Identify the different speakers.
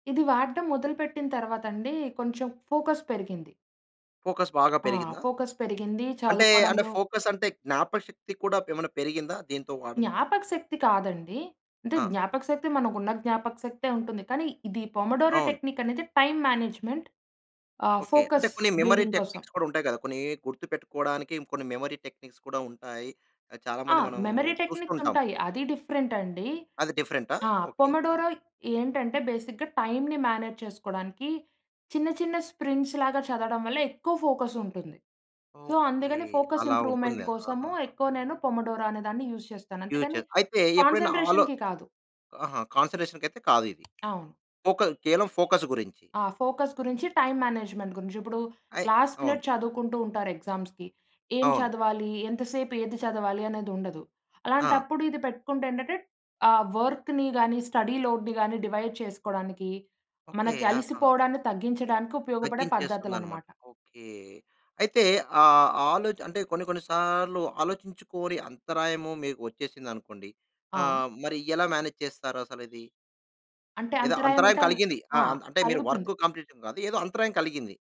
Speaker 1: ఇది వాడడం మొదలుపెట్టిన తర్వాతండీ, కొంచెం ఫోకస్ పెరిగింది.
Speaker 2: ఫోకస్ బాగా
Speaker 1: ఆ!
Speaker 2: పెరిగిందా?
Speaker 1: ఫోకస్ పెరిగిందీ
Speaker 2: అంటే, అంటే
Speaker 1: చదువుకోవడంలో
Speaker 2: ఫోకసంటే జ్ఞాపకశక్తి కూడా ప్ ఏమన్నా పెరిగిందా, దీంతో వాడంతో?
Speaker 1: జ్ఞాపకశక్తి కాదండి. అంటే,
Speaker 2: ఆ!
Speaker 1: జ్ఞాపకశక్తి మనకున్న జ్ఞాపకశక్తే ఉంటుంది, కానీ ఇది పొమోడోరో
Speaker 2: అవును.
Speaker 1: టెక్నిక్కనేది టైమ్ మేనేజ్‌మెంట్, ఆహ్,
Speaker 2: ఓకే. అంటే,
Speaker 1: ఫోకస్
Speaker 2: కొన్ని మెమరీ
Speaker 1: బిల్డింగ్ కోసం.
Speaker 2: టెక్నిక్స్ కూడుంటాయి కదా! కొన్నీ గుర్తుపెట్టుకోడానికి ఇంకొన్ని మెమరీ టెక్నిక్స్ కూడా ఉంటాయి. ఆహ్, చాలా
Speaker 1: ఆ!
Speaker 2: మంది మనం
Speaker 1: మెమరీ
Speaker 2: చూస్తుంటాం.
Speaker 1: టెక్నిక్సుంటాయి. అది డిఫరెంటండి.
Speaker 2: అది డిఫరెంటా?
Speaker 1: ఆ!
Speaker 2: ఓకే. ఆ!
Speaker 1: పొమోడోరో ఏంటంటే, బేసిక్‌గా టైమ్‌ని మేనేజ్ చేసుకోడానికీ చిన్న చిన్న స్ప్రింగ్స్‌ లాగా చదవడం వల్ల ఎక్కువ ఫోకసుంటుంది. So,
Speaker 2: okay.
Speaker 1: అందుకని ఫోకస్
Speaker 2: అలా
Speaker 1: ఇంప్రూవ్‌మెంట్
Speaker 2: ఉంటుందా!
Speaker 1: కోసము
Speaker 2: ఆహాహా!
Speaker 1: ఎక్కువ నేను పొమోడోరో అనే దాన్ని యూస్ చేస్తాను. అంతేగానీ,
Speaker 2: ఫ్యూచర్. అయితే, ఎప్పుడైనా ఆలో
Speaker 1: కాన్సంట్రేషన్‌కి కాదు.
Speaker 2: ఆహా! కాన్సంట్రేషన్‌‌‌కైతే కాదు ఇది.
Speaker 1: అవును.
Speaker 2: ఫోక కేవలం ఫోకస్ గురించి.
Speaker 1: ఆ! ఫోకస్ గురించి, టైమ్ మేనేజ్‌మెంట్ గురించి. ఇప్పుడూ
Speaker 2: అయి
Speaker 1: లాస్ట్
Speaker 2: అవును.
Speaker 1: మినట్ చదువుకుంటూ ఉంటారు ఎగ్జామ్స్‌కి. ఏం
Speaker 2: అవును.
Speaker 1: చదవాలి? ఎంతసేపు ఏది చదవాలి? అనేదుండదు.
Speaker 2: ఆ!
Speaker 1: అలాంటప్పుడు ఇది పెట్టుకుంటే ఏంటంటే, ఆ వర్క్‌ని గానీ, స్టడీ లోడ్‌ని గానీ డివైడ్ చేసుకోడానికి,
Speaker 2: ఓకే.
Speaker 1: మనకి
Speaker 2: ఆహా!
Speaker 1: అలిసిపోవడాన్ని తగ్గించడానికి ఉపయోగపడే
Speaker 2: తగ్గించేస్తుందనమాట.
Speaker 1: పద్ధతులనమాట.
Speaker 2: ఓకే. అయితే, ఆ ఆలోచ అంటే కొన్ని కొన్ని సార్లు ఆలోచించుకోని అంతరాయము మీకు ఒచ్చేసిందనుకోండి,
Speaker 1: ఆ!
Speaker 2: ఆహ్, మరి ఎలా మేనేజ్ చేస్తారసలది?
Speaker 1: అంటే,
Speaker 2: ఏదో అంతరాయం
Speaker 1: అంతరాయమంటే
Speaker 2: కలిగింది. ఆ!
Speaker 1: ఆ!
Speaker 2: అంత్ అంటే, మీరు
Speaker 1: కలుగుతుంది.
Speaker 2: వర్కు కంప్లీషన్ కాదు, ఏదో అంతరాయం కలిగింది.